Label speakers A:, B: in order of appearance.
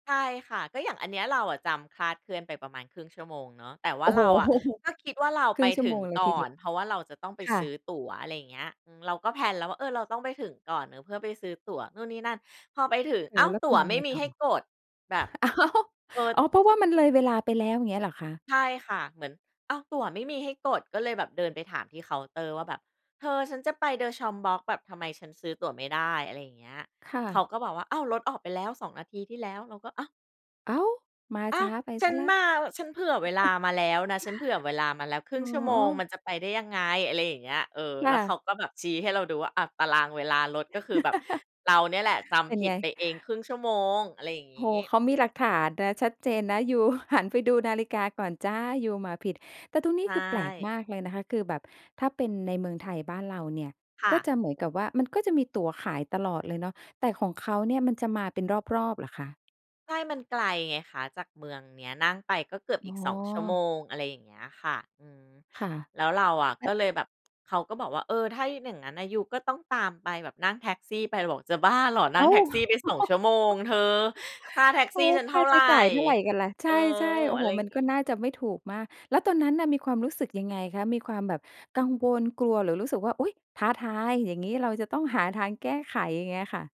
A: ใช่ค่ะ ก็อย่างอันเนี้ย เราอะจำคลาดเคลื่อนไปประมาณ 1/2 ชั่วโมงเนาะ แต่ว
B: โ
A: ่
B: อ
A: า
B: ้
A: เ
B: โ
A: ราอะ
B: ฮ!
A: ก็คิดว่าเรา
B: ค
A: ไ
B: ร
A: ป
B: ึ่ง ชั
A: ถ
B: ่ว
A: ึ
B: โม
A: ง
B: งเล
A: ก
B: ย
A: ่อ
B: ทีเดีย
A: น
B: ว
A: เพราะว่าเราจะต้องไป
B: ค่
A: ซื้อ
B: ะ
A: ตั๋ว อะไรอย่างเงี้ย อือ เราก็แพลนแล้วว่า เออ เราต้องไปถึงก่อน เออ เพื่อไปซื้อตั๋วนู่นนี่นั่น พอไปถึง
B: อย่า
A: อ้
B: ง
A: า
B: งั้
A: ว!
B: นแล้ว
A: ต
B: เ
A: ั
B: ป็
A: ๋
B: น
A: ว
B: ยัง
A: ไม่
B: ไง
A: มี
B: ต่
A: ให้
B: อ?
A: กดแบบ
B: อ้าว!
A: เกิด
B: อ๋อ เพราะว่ามันเลยเวลาไปแล้วอย่างเงี้ยเหรอคะ?
A: ใช่ค่ะ เหมือน อ้าว ตั๋วไม่มีให้กด ก็เลยแบบเดินไปถามที่เคาน์เตอร์ว่าแบบเธอ ฉันจะไป de Chambord แบบทำไมฉันซื้อตั๋วไม่ได้ อะไรอย่างเงี้ย
B: ค่
A: เขา
B: ะ
A: ก็บอกว่า "อ้าว! รถออกไปแล้ว 2 นาทีที่แล้ว" เราก็ อ้าว
B: อ้าว! มา
A: อ้
B: ช
A: า
B: ้
A: ว!
B: าไป
A: ฉ
B: เส
A: ั
B: ีย
A: น
B: แล้
A: ม
B: ว
A: า ฉันเผื่อเวลามาแล้วนะ ฉันเผื่อเวลามาแล้วครึ่
B: อ๋
A: งชั่วโมงม
B: อ
A: ันจะไปได้ยังไง อะไรอย่างเงี้ย เออ
B: ค
A: แ
B: ่
A: ล้วเข
B: ะ
A: าก็แบบชี้ให้เราดูว่า อะ ตารางเวลารถก็คือแบบเราเนี่ยแหละจ
B: เป็
A: ำ
B: น
A: ผิ
B: ไ
A: ด
B: ง?
A: ไปเอง 1/2 ชั่วโมง อะไรอย่าง
B: โ
A: ง
B: อ
A: ี
B: ้โฮ
A: ้
B: เขามีหลักฐานนะ ชัดเจนนะยูหันไปดูนาฬิกาก่อนจ้า ยูมาผิด แต่ตรงนี
A: ใช
B: ้คือแปลกม
A: ่
B: ากเลยนะคะ คือแบบถ้าเป็นในเมืองไทยบ้านเราเนี่ย
A: ค่
B: ก็จ
A: ะ
B: ะเหมือนกับว่า มันก็จะมีตั๋วขายตลอดเลยเนาะ แต่ของเขาเนี่ย มันจะมาเป็นรอบ ๆ เหรอคะ?
A: ใช่ มันไกลไงคะ จากเมืองเนี้ยนั่งไปก็เกือบ
B: อ
A: อี
B: ๋
A: ก 2 ชั่วโ
B: อ
A: มง อะไรอย่างเงี้ยค่ะ อืม
B: ค่ะ
A: แล้วเราอะก็เลยแบบ เขาก็บอกว่า "เออ ถ้าอย่างงั้นน่ะ ยูก็ต้องตามไปแบบนั่งแท็กซี่ไป" เราบอกจะบ้าเหรอนั
B: อ
A: ่
B: ้
A: ง
B: า
A: แท
B: ว!
A: ็กซี่ไป 2 ชั่วโมงเธอ ค่าแท็ก
B: โอ
A: ซ
B: ้
A: ี่
B: โฮ
A: ฉันเ
B: ค
A: ท
B: ่
A: ่
B: า
A: าไ
B: ใช
A: ร
B: ้จ่ายเท่าไรกันล่ะ ใ
A: เ
B: ช
A: ออ
B: ่ ๆ โอ้
A: อ
B: โ
A: ะ
B: ฮ
A: ไรอย
B: ม
A: ่
B: ั
A: าง
B: น
A: ง
B: ก็
A: ี้
B: น่าจะไม่ถูกมาก แล้วตอนนั้นน่ะ มีความรู้สึกยังไงคะ? มีความแบบกังวล กลัว หรือรู้สึกว่า อุ๊ย! ท้าทายอย่างงี้ เราจะต้องหาทางแก้ไขอย่างเงี้ยค่ะ